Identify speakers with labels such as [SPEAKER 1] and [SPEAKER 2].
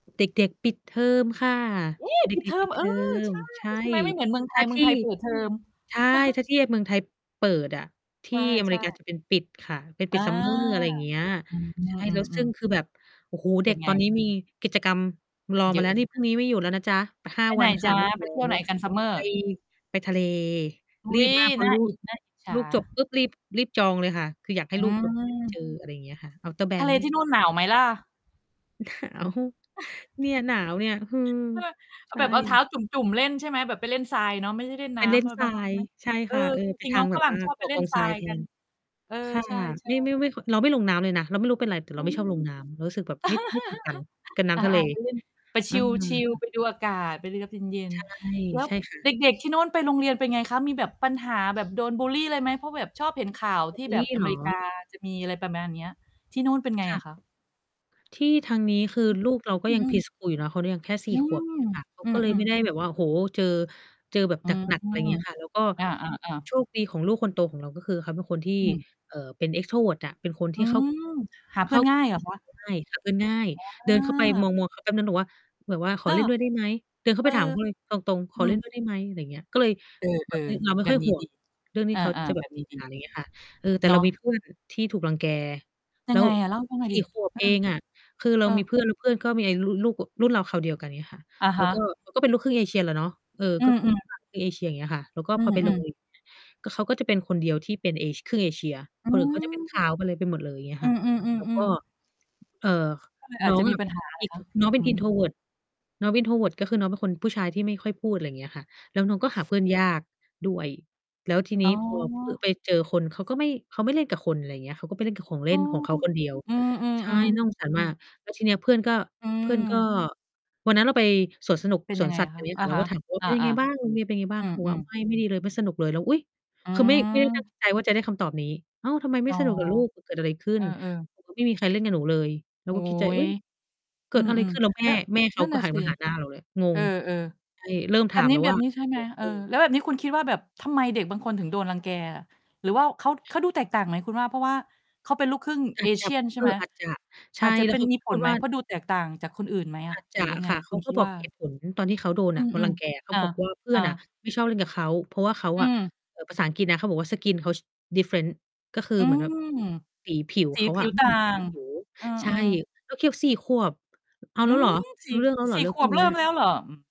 [SPEAKER 1] เด็ก ๆ ปิดเทอมค่ะ
[SPEAKER 2] เอ๊!
[SPEAKER 1] เด
[SPEAKER 2] ปิด
[SPEAKER 1] ็
[SPEAKER 2] เท
[SPEAKER 1] ก ๆ
[SPEAKER 2] อ
[SPEAKER 1] ปิ
[SPEAKER 2] ม
[SPEAKER 1] ด
[SPEAKER 2] เ
[SPEAKER 1] เ
[SPEAKER 2] อ
[SPEAKER 1] ท
[SPEAKER 2] อ
[SPEAKER 1] อ
[SPEAKER 2] ใ
[SPEAKER 1] ม
[SPEAKER 2] ช่
[SPEAKER 1] ใช่
[SPEAKER 2] ใช่ไหม? ไม่เหมือนเมืองไท
[SPEAKER 1] ถ้
[SPEAKER 2] ย
[SPEAKER 1] า
[SPEAKER 2] เม
[SPEAKER 1] ท
[SPEAKER 2] ือ
[SPEAKER 1] ี
[SPEAKER 2] งไ
[SPEAKER 1] ่
[SPEAKER 2] ทยเปิด เทอม
[SPEAKER 1] ใช่ ถ้าที่เมืองไทยเปิดอะ ท
[SPEAKER 2] ใ
[SPEAKER 1] ี
[SPEAKER 2] ช
[SPEAKER 1] ่
[SPEAKER 2] ่
[SPEAKER 1] อเม
[SPEAKER 2] ใช
[SPEAKER 1] ริ
[SPEAKER 2] ่
[SPEAKER 1] กาจะเป็นปิดค่ะ เป็น
[SPEAKER 2] อ
[SPEAKER 1] ปิ
[SPEAKER 2] า
[SPEAKER 1] ด summer อะไรอย่างเงี้ย
[SPEAKER 2] อื
[SPEAKER 1] ใช่ แล้วซึ่
[SPEAKER 2] อ
[SPEAKER 1] ง
[SPEAKER 2] ๆ ๆ
[SPEAKER 1] คือแบบ โอ้โฮ
[SPEAKER 2] เ
[SPEAKER 1] เ
[SPEAKER 2] ป
[SPEAKER 1] ด
[SPEAKER 2] ็
[SPEAKER 1] ็
[SPEAKER 2] น
[SPEAKER 1] ก
[SPEAKER 2] ไง?
[SPEAKER 1] ตอนนี้มี กิจกรรมรอ
[SPEAKER 2] เย
[SPEAKER 1] ม
[SPEAKER 2] อ
[SPEAKER 1] า
[SPEAKER 2] ะ
[SPEAKER 1] แล้ว
[SPEAKER 2] ใ
[SPEAKER 1] น
[SPEAKER 2] ช
[SPEAKER 1] ี
[SPEAKER 2] ่
[SPEAKER 1] ่
[SPEAKER 2] ไห
[SPEAKER 1] พรุ่
[SPEAKER 2] ม?
[SPEAKER 1] งนี้ไม่อยู่แล้วนะจ๊ะ ห้
[SPEAKER 2] ไ
[SPEAKER 1] า
[SPEAKER 2] ปไ
[SPEAKER 1] ว
[SPEAKER 2] หน
[SPEAKER 1] ัน
[SPEAKER 2] จ
[SPEAKER 1] ค่
[SPEAKER 2] ๊
[SPEAKER 1] ะ
[SPEAKER 2] ะ
[SPEAKER 1] ไม่อยู
[SPEAKER 2] ไ
[SPEAKER 1] ่
[SPEAKER 2] ป
[SPEAKER 1] แล้
[SPEAKER 2] เที่ยวไ
[SPEAKER 1] ว
[SPEAKER 2] หนกัน
[SPEAKER 1] ไป
[SPEAKER 2] summer?
[SPEAKER 1] ไปทะเล
[SPEAKER 2] อุ๊
[SPEAKER 1] รีบ
[SPEAKER 2] ย
[SPEAKER 1] มาก เพร
[SPEAKER 2] น
[SPEAKER 1] า
[SPEAKER 2] ่
[SPEAKER 1] ะ
[SPEAKER 2] า
[SPEAKER 1] ลู
[SPEAKER 2] อ
[SPEAKER 1] ก
[SPEAKER 2] ิจ น่าอิจฉ
[SPEAKER 1] ล
[SPEAKER 2] า
[SPEAKER 1] ูกจบปุ๊บ รีบ รีบจองเลยค่ะ คืออยากให้
[SPEAKER 2] อื
[SPEAKER 1] ลูกแบ
[SPEAKER 2] ม
[SPEAKER 1] บ ได้ไป เจอ อะไรอย่างเงี้ยค่ะ Outer
[SPEAKER 2] ทะเลนี่
[SPEAKER 1] banks
[SPEAKER 2] นู่นหนาวไหมล่ะ?
[SPEAKER 1] หนาว เนี่ยหนาวเนี่ย ฮือ
[SPEAKER 2] เออ เอ
[SPEAKER 1] ใช
[SPEAKER 2] าแบบเอาเท้
[SPEAKER 1] ่
[SPEAKER 2] าจุ่ม ๆ เล่นใช่ไหม แบบไปเล่นทรายเนาะ ไม่ได้เล่น
[SPEAKER 1] ไ
[SPEAKER 2] น
[SPEAKER 1] ป
[SPEAKER 2] ้
[SPEAKER 1] เล่น
[SPEAKER 2] ำ มัน
[SPEAKER 1] ทร
[SPEAKER 2] มั
[SPEAKER 1] า
[SPEAKER 2] น
[SPEAKER 1] ย
[SPEAKER 2] ไหม?
[SPEAKER 1] ใช่
[SPEAKER 2] เอ
[SPEAKER 1] ค
[SPEAKER 2] อ
[SPEAKER 1] ่ะ เออ
[SPEAKER 2] จ
[SPEAKER 1] ไป
[SPEAKER 2] ริง
[SPEAKER 1] ท
[SPEAKER 2] ๆ น
[SPEAKER 1] า
[SPEAKER 2] ้อ
[SPEAKER 1] ง
[SPEAKER 2] ง
[SPEAKER 1] แบ
[SPEAKER 2] ฝ
[SPEAKER 1] บ
[SPEAKER 2] ร
[SPEAKER 1] เ
[SPEAKER 2] ั่
[SPEAKER 1] อ
[SPEAKER 2] ง
[SPEAKER 1] อ
[SPEAKER 2] ชอบ
[SPEAKER 1] ก
[SPEAKER 2] ไป
[SPEAKER 1] ่อ
[SPEAKER 2] เล่
[SPEAKER 1] กอ
[SPEAKER 2] น
[SPEAKER 1] ง
[SPEAKER 2] ท
[SPEAKER 1] ท
[SPEAKER 2] ร
[SPEAKER 1] ร
[SPEAKER 2] า
[SPEAKER 1] าย
[SPEAKER 2] ย
[SPEAKER 1] แท
[SPEAKER 2] กัน
[SPEAKER 1] น
[SPEAKER 2] เออ
[SPEAKER 1] ค่ะ
[SPEAKER 2] ใช
[SPEAKER 1] ไ
[SPEAKER 2] ่
[SPEAKER 1] ม่ ไ
[SPEAKER 2] ๆ
[SPEAKER 1] ม่ ไม่ เราไม่ลงน้ำเลยนะ เราไม่รู้เป็นไร แต่เ
[SPEAKER 2] อื
[SPEAKER 1] ราไม่
[SPEAKER 2] ม
[SPEAKER 1] ชอบลงน้ำ เรารู้สึกแบบไม่ ไม่ถูกกันกับน้
[SPEAKER 2] อา
[SPEAKER 1] ำทะเล
[SPEAKER 2] ๆ ไปเล่น ไป
[SPEAKER 1] เอ
[SPEAKER 2] ช
[SPEAKER 1] อ
[SPEAKER 2] ิล ๆ ไปดูอากาศ ไปรับเย็
[SPEAKER 1] ใ
[SPEAKER 2] น
[SPEAKER 1] ช่
[SPEAKER 2] ๆ แล้ว
[SPEAKER 1] ใช่ค่
[SPEAKER 2] เด
[SPEAKER 1] ะ
[SPEAKER 2] ็ก ๆ ที่โน้นไปโรงเรียนเป็นไงคะ? มีแบบปัญหาแบบ โดนบุลลีอะไรไหม เพราะแบบชอบเห็นข่าว
[SPEAKER 1] สตรอ
[SPEAKER 2] ท
[SPEAKER 1] ว์
[SPEAKER 2] ี่
[SPEAKER 1] เบอร
[SPEAKER 2] แ
[SPEAKER 1] ์
[SPEAKER 2] บ
[SPEAKER 1] ร
[SPEAKER 2] บ
[SPEAKER 1] ีเ
[SPEAKER 2] อ
[SPEAKER 1] ห
[SPEAKER 2] เ
[SPEAKER 1] ร
[SPEAKER 2] ม
[SPEAKER 1] อ?
[SPEAKER 2] ริกา จะมีอะไรประมาณเนี้ย ที่นู่นเป็นไง
[SPEAKER 1] ค่
[SPEAKER 2] อ
[SPEAKER 1] ะ
[SPEAKER 2] ะคะ?
[SPEAKER 1] ที่ทางนี้ คือ ลูกเราก็
[SPEAKER 2] อื
[SPEAKER 1] ยัง
[SPEAKER 2] ม
[SPEAKER 1] pre-school อยู่เนาะ เขายังแค่ ส
[SPEAKER 2] อ
[SPEAKER 1] ี
[SPEAKER 2] ื
[SPEAKER 1] ่ ข
[SPEAKER 2] ม
[SPEAKER 1] วบ อย่างเงี้ยค่ะ เขา
[SPEAKER 2] อื
[SPEAKER 1] ก็เลย
[SPEAKER 2] ม
[SPEAKER 1] ไม่ได้
[SPEAKER 2] ๆ
[SPEAKER 1] แบบว่า โอ้โฮ เจอ เจอแบบ
[SPEAKER 2] อื
[SPEAKER 1] ห
[SPEAKER 2] ม
[SPEAKER 1] นัก ๆ อะไรอย่างเงี้ยค่ะ แล้วก็
[SPEAKER 2] อา ๆ ๆ
[SPEAKER 1] โชคดีของลูกคนโตของเรา ก็คือเขาเป็นคนที่
[SPEAKER 2] อืม
[SPEAKER 1] เอ่อ เป็น extrovert อะ เป็นคน
[SPEAKER 2] อ
[SPEAKER 1] ท
[SPEAKER 2] ื
[SPEAKER 1] ี่เข้า
[SPEAKER 2] ม หาเ
[SPEAKER 1] เ
[SPEAKER 2] พ
[SPEAKER 1] ข
[SPEAKER 2] ื่
[SPEAKER 1] ้
[SPEAKER 2] อ
[SPEAKER 1] า
[SPEAKER 2] น
[SPEAKER 1] ก
[SPEAKER 2] ง่
[SPEAKER 1] ับ
[SPEAKER 2] าย
[SPEAKER 1] ค
[SPEAKER 2] เห
[SPEAKER 1] น
[SPEAKER 2] รอ
[SPEAKER 1] อื
[SPEAKER 2] คะ?
[SPEAKER 1] ่น
[SPEAKER 2] อ
[SPEAKER 1] ง่าย หาเพื่อนง่าย
[SPEAKER 2] ๋
[SPEAKER 1] เดินเข้าไป
[SPEAKER 2] อ
[SPEAKER 1] มอง ๆ เขาแปบหนึ่ง แบบว่า แบบว่า "ข
[SPEAKER 2] อ
[SPEAKER 1] อ
[SPEAKER 2] า
[SPEAKER 1] เล่นด้วยได้ไหม?" เดินเข้
[SPEAKER 2] เ
[SPEAKER 1] า
[SPEAKER 2] อ
[SPEAKER 1] ไป
[SPEAKER 2] อ
[SPEAKER 1] ถามเขาเลยตรง ๆ "ข
[SPEAKER 2] อื
[SPEAKER 1] อเล่น
[SPEAKER 2] ม
[SPEAKER 1] ด้วย ได้ ไหม?" อะไรเงี้ย ก็เลย
[SPEAKER 2] เ
[SPEAKER 1] แบ
[SPEAKER 2] ออ
[SPEAKER 1] บเนี้ย เราไ
[SPEAKER 2] ๆ
[SPEAKER 1] ม่
[SPEAKER 2] แบ
[SPEAKER 1] ค่
[SPEAKER 2] บ
[SPEAKER 1] อย
[SPEAKER 2] นี
[SPEAKER 1] ห
[SPEAKER 2] ้
[SPEAKER 1] ่ว
[SPEAKER 2] ดี
[SPEAKER 1] ง เรื่องนี้
[SPEAKER 2] อ
[SPEAKER 1] เขา
[SPEAKER 2] า
[SPEAKER 1] จะ
[SPEAKER 2] ๆ
[SPEAKER 1] แบ
[SPEAKER 2] แบ
[SPEAKER 1] บ
[SPEAKER 2] บ
[SPEAKER 1] ไม่
[SPEAKER 2] นี้
[SPEAKER 1] มีปั
[SPEAKER 2] ด
[SPEAKER 1] ญ
[SPEAKER 2] ี
[SPEAKER 1] หา อะไรอย่างเงี้ยค่ะ เออ แต่
[SPEAKER 2] เนา
[SPEAKER 1] เรา
[SPEAKER 2] ะ
[SPEAKER 1] มี เพื่อน ที่ถูกรังแก
[SPEAKER 2] ยั
[SPEAKER 1] แล้
[SPEAKER 2] งไง
[SPEAKER 1] ว
[SPEAKER 2] อะ เล่าให้ฟังหน่อ
[SPEAKER 1] ส
[SPEAKER 2] ย
[SPEAKER 1] ี
[SPEAKER 2] ส
[SPEAKER 1] ่
[SPEAKER 2] ิ
[SPEAKER 1] ขวบ
[SPEAKER 2] อื
[SPEAKER 1] เอ
[SPEAKER 2] อ
[SPEAKER 1] งอะ คือเร
[SPEAKER 2] เอ
[SPEAKER 1] า
[SPEAKER 2] อ
[SPEAKER 1] มี เพื่อน แล้วเพื่อนก็มี ล ล ลูก รุ่นราวคราวเดียวกัน อย่างเงี้ยค่ะ
[SPEAKER 2] อะ
[SPEAKER 1] แ
[SPEAKER 2] ฮ
[SPEAKER 1] ล้ว ก็
[SPEAKER 2] ะ
[SPEAKER 1] ก็เป็นลูกครึ่งเอเชียแหละเนาะ เออ
[SPEAKER 2] อื
[SPEAKER 1] ก็ครึ่ง
[SPEAKER 2] อ ๆ
[SPEAKER 1] เอเชีย อย่างเงี้ยค่ะ แล้วก็
[SPEAKER 2] อื
[SPEAKER 1] พอไป โร
[SPEAKER 2] อ
[SPEAKER 1] ง
[SPEAKER 2] ๆ
[SPEAKER 1] เรียน อย่างเงี้ย ก็เขาก็จะเป็นคนเดียวที่เป็นเอ ครึ่งเอเชีย
[SPEAKER 2] อื
[SPEAKER 1] คนอื่นเขาจะเป็น ข
[SPEAKER 2] ม
[SPEAKER 1] าว หมดเลย ไปหมดเลย อย่างเงี้ย
[SPEAKER 2] อื
[SPEAKER 1] ค่ะ
[SPEAKER 2] ม
[SPEAKER 1] แล้วก็
[SPEAKER 2] ๆ ๆ ๆ
[SPEAKER 1] เอ่อ
[SPEAKER 2] ก็เลย อ
[SPEAKER 1] น
[SPEAKER 2] าจ
[SPEAKER 1] ้อ
[SPEAKER 2] จ
[SPEAKER 1] ง
[SPEAKER 2] ะม
[SPEAKER 1] อ
[SPEAKER 2] ี
[SPEAKER 1] ะ
[SPEAKER 2] ป
[SPEAKER 1] เป
[SPEAKER 2] ัญ
[SPEAKER 1] ็น
[SPEAKER 2] หา เหรอคะ?
[SPEAKER 1] intro น้องเป็
[SPEAKER 2] อื
[SPEAKER 1] น
[SPEAKER 2] อ
[SPEAKER 1] introvert น้องเป็น introvert ก็คือ น้องเป็นคนผู้ชายที่ไม่ค่อยพูด อะไรอย่างเงี้ยค่ะ แล้วน้องก็หาเพื่อนยากด้วย แล้วที
[SPEAKER 2] อ
[SPEAKER 1] น
[SPEAKER 2] ๋
[SPEAKER 1] ี้
[SPEAKER 2] อ
[SPEAKER 1] พอ พ ไปเจอคน เขาก็ไม่ เขาไม่เล่นกับคน อะไรอย่างเงี้ย เขาก็ไปเล่นกับของเล
[SPEAKER 2] อ
[SPEAKER 1] ่
[SPEAKER 2] ๋อ
[SPEAKER 1] นของเขาคนเดียว
[SPEAKER 2] อืม
[SPEAKER 1] ใช่
[SPEAKER 2] ๆ
[SPEAKER 1] น่าสงสาร
[SPEAKER 2] ๆ อื
[SPEAKER 1] มา
[SPEAKER 2] ม
[SPEAKER 1] ก แล้วทีเนี้ยเพื่อนก็
[SPEAKER 2] อื
[SPEAKER 1] เพื่อนก็
[SPEAKER 2] ม
[SPEAKER 1] วันนั้นเราไปสวนสนุก
[SPEAKER 2] เป็น
[SPEAKER 1] ส
[SPEAKER 2] ยั
[SPEAKER 1] ว
[SPEAKER 2] ง
[SPEAKER 1] น
[SPEAKER 2] ไง
[SPEAKER 1] สัต
[SPEAKER 2] อ
[SPEAKER 1] ว์
[SPEAKER 2] ะ
[SPEAKER 1] แถ
[SPEAKER 2] คะ?
[SPEAKER 1] วเนี้ย
[SPEAKER 2] อ
[SPEAKER 1] ค
[SPEAKER 2] ะ
[SPEAKER 1] ่ะ เร
[SPEAKER 2] ฮ
[SPEAKER 1] าก
[SPEAKER 2] ะ
[SPEAKER 1] ็ถาม เขาว่า
[SPEAKER 2] อ
[SPEAKER 1] "เป็นยังไ
[SPEAKER 2] า
[SPEAKER 1] งบ้าง? โรงเรียนเป็นไงบ้
[SPEAKER 2] ๆ
[SPEAKER 1] า
[SPEAKER 2] อ
[SPEAKER 1] ง?" เขาบอก
[SPEAKER 2] ื
[SPEAKER 1] ว่า
[SPEAKER 2] อ
[SPEAKER 1] "ไ
[SPEAKER 2] ๆ
[SPEAKER 1] ม่ ไม่ดีเลย ไม่สนุกเลย" เรา อุ๊ย!
[SPEAKER 2] อื
[SPEAKER 1] คือไม่ ไม่ได้ตั้ง
[SPEAKER 2] ม
[SPEAKER 1] ใจว่าจะได้คำตอบนี้ "อ้าว ทำไมไม
[SPEAKER 2] อ
[SPEAKER 1] ่
[SPEAKER 2] ๋อ
[SPEAKER 1] สนุกล่ะลูก เกิดอะไรขึ้
[SPEAKER 2] เ
[SPEAKER 1] น?"
[SPEAKER 2] ออ ๆ
[SPEAKER 1] บอก ว่า "ไม่มีใครเล่นกับหนูเลย" เรา
[SPEAKER 2] โอ๊
[SPEAKER 1] ก็คิดในใจ เอ
[SPEAKER 2] ย
[SPEAKER 1] ๊ย เ
[SPEAKER 2] อ
[SPEAKER 1] ก
[SPEAKER 2] ื
[SPEAKER 1] ิดอะไร
[SPEAKER 2] อ
[SPEAKER 1] ขึ้น แล้ว แ
[SPEAKER 2] ๆ
[SPEAKER 1] ม
[SPEAKER 2] แล้
[SPEAKER 1] ่
[SPEAKER 2] ว
[SPEAKER 1] แม่เข
[SPEAKER 2] นั
[SPEAKER 1] า
[SPEAKER 2] ่น
[SPEAKER 1] ก
[SPEAKER 2] น
[SPEAKER 1] ็
[SPEAKER 2] ่ะ
[SPEAKER 1] หัน
[SPEAKER 2] สิ
[SPEAKER 1] มาหาหน้าเราเลย ง
[SPEAKER 2] เอ
[SPEAKER 1] ง
[SPEAKER 2] อ
[SPEAKER 1] ใช่ เริ่ม
[SPEAKER 2] ๆ แบ
[SPEAKER 1] ถา
[SPEAKER 2] บ
[SPEAKER 1] ม
[SPEAKER 2] นี้
[SPEAKER 1] แล้ว
[SPEAKER 2] แบ
[SPEAKER 1] ว่
[SPEAKER 2] บ
[SPEAKER 1] า
[SPEAKER 2] นี้ ใช่
[SPEAKER 1] "เก
[SPEAKER 2] ไหม?
[SPEAKER 1] ิดอ
[SPEAKER 2] เอ
[SPEAKER 1] ะไรข
[SPEAKER 2] อ
[SPEAKER 1] ึ้น?"
[SPEAKER 2] แล้วแบบนี้คุณคิดว่าแบบ ทำไมเด็กบางคนถึงโดนรังแก อะ? หรือว่าเขา เขาดูแตกต่างไหมคุณว่า เพราะว่าเขาเป็นลูกครึ่ง
[SPEAKER 1] อาจจะ
[SPEAKER 2] Asian ใช่
[SPEAKER 1] เอ
[SPEAKER 2] ไหม?
[SPEAKER 1] อ อาจจะ ใช
[SPEAKER 2] อ
[SPEAKER 1] ่
[SPEAKER 2] าจจะ
[SPEAKER 1] แล
[SPEAKER 2] เ
[SPEAKER 1] ้
[SPEAKER 2] ป
[SPEAKER 1] ว
[SPEAKER 2] ็
[SPEAKER 1] เ
[SPEAKER 2] น
[SPEAKER 1] ขา
[SPEAKER 2] มี
[SPEAKER 1] ก็
[SPEAKER 2] ผ
[SPEAKER 1] พู
[SPEAKER 2] ล
[SPEAKER 1] ด
[SPEAKER 2] ไหม?
[SPEAKER 1] ว่า
[SPEAKER 2] เพราะดูแตกต่างจากคนอื่นไหมอ
[SPEAKER 1] อ
[SPEAKER 2] ะ
[SPEAKER 1] าจจ
[SPEAKER 2] หรื
[SPEAKER 1] ะ
[SPEAKER 2] อยังไง
[SPEAKER 1] ค่ะ เ
[SPEAKER 2] ค
[SPEAKER 1] ข
[SPEAKER 2] ุ
[SPEAKER 1] า
[SPEAKER 2] ณค
[SPEAKER 1] ก็
[SPEAKER 2] ิด
[SPEAKER 1] บ
[SPEAKER 2] ว
[SPEAKER 1] อก
[SPEAKER 2] ่า?
[SPEAKER 1] เหตุผลตอนที่เขาโดน
[SPEAKER 2] อื
[SPEAKER 1] น่ะ โดนร
[SPEAKER 2] ม
[SPEAKER 1] ังแกอะ เข
[SPEAKER 2] ๆ
[SPEAKER 1] า
[SPEAKER 2] อา
[SPEAKER 1] บอกว่า เพื่
[SPEAKER 2] อ
[SPEAKER 1] อนอะ
[SPEAKER 2] า
[SPEAKER 1] ไม่ชอบเล่นกับเขา เพราะว่าเขา
[SPEAKER 2] อื
[SPEAKER 1] อะ
[SPEAKER 2] ม
[SPEAKER 1] เออ ภาษาอังกฤษนะ เขาบอกว่า "skin เขา different" ก็คื
[SPEAKER 2] อ
[SPEAKER 1] อ
[SPEAKER 2] ื
[SPEAKER 1] เหมือนแบบ
[SPEAKER 2] ม
[SPEAKER 1] สีผิว
[SPEAKER 2] สี
[SPEAKER 1] เขา
[SPEAKER 2] ผ
[SPEAKER 1] อ
[SPEAKER 2] ิ
[SPEAKER 1] ะ
[SPEAKER 2] ว
[SPEAKER 1] ไม
[SPEAKER 2] ต
[SPEAKER 1] ่
[SPEAKER 2] ่า
[SPEAKER 1] เหมือนสี
[SPEAKER 2] ง
[SPEAKER 1] ผิว
[SPEAKER 2] เออ
[SPEAKER 1] ใช่
[SPEAKER 2] ๆ
[SPEAKER 1] แล้วคิด 4 ขวบ เอา
[SPEAKER 2] อื
[SPEAKER 1] แล้วเ
[SPEAKER 2] ม
[SPEAKER 1] หรอ?
[SPEAKER 2] สี
[SPEAKER 1] ร
[SPEAKER 2] ่
[SPEAKER 1] ู้เรื่องแล้วเหร
[SPEAKER 2] ส
[SPEAKER 1] อ
[SPEAKER 2] ี่
[SPEAKER 1] เรื่อ
[SPEAKER 2] ข
[SPEAKER 1] งพ
[SPEAKER 2] ว
[SPEAKER 1] ว
[SPEAKER 2] บ
[SPEAKER 1] กเ
[SPEAKER 2] เ
[SPEAKER 1] น
[SPEAKER 2] ร
[SPEAKER 1] ี
[SPEAKER 2] ิ่
[SPEAKER 1] ้
[SPEAKER 2] ม
[SPEAKER 1] ย
[SPEAKER 2] แล้วเหรอ? อืม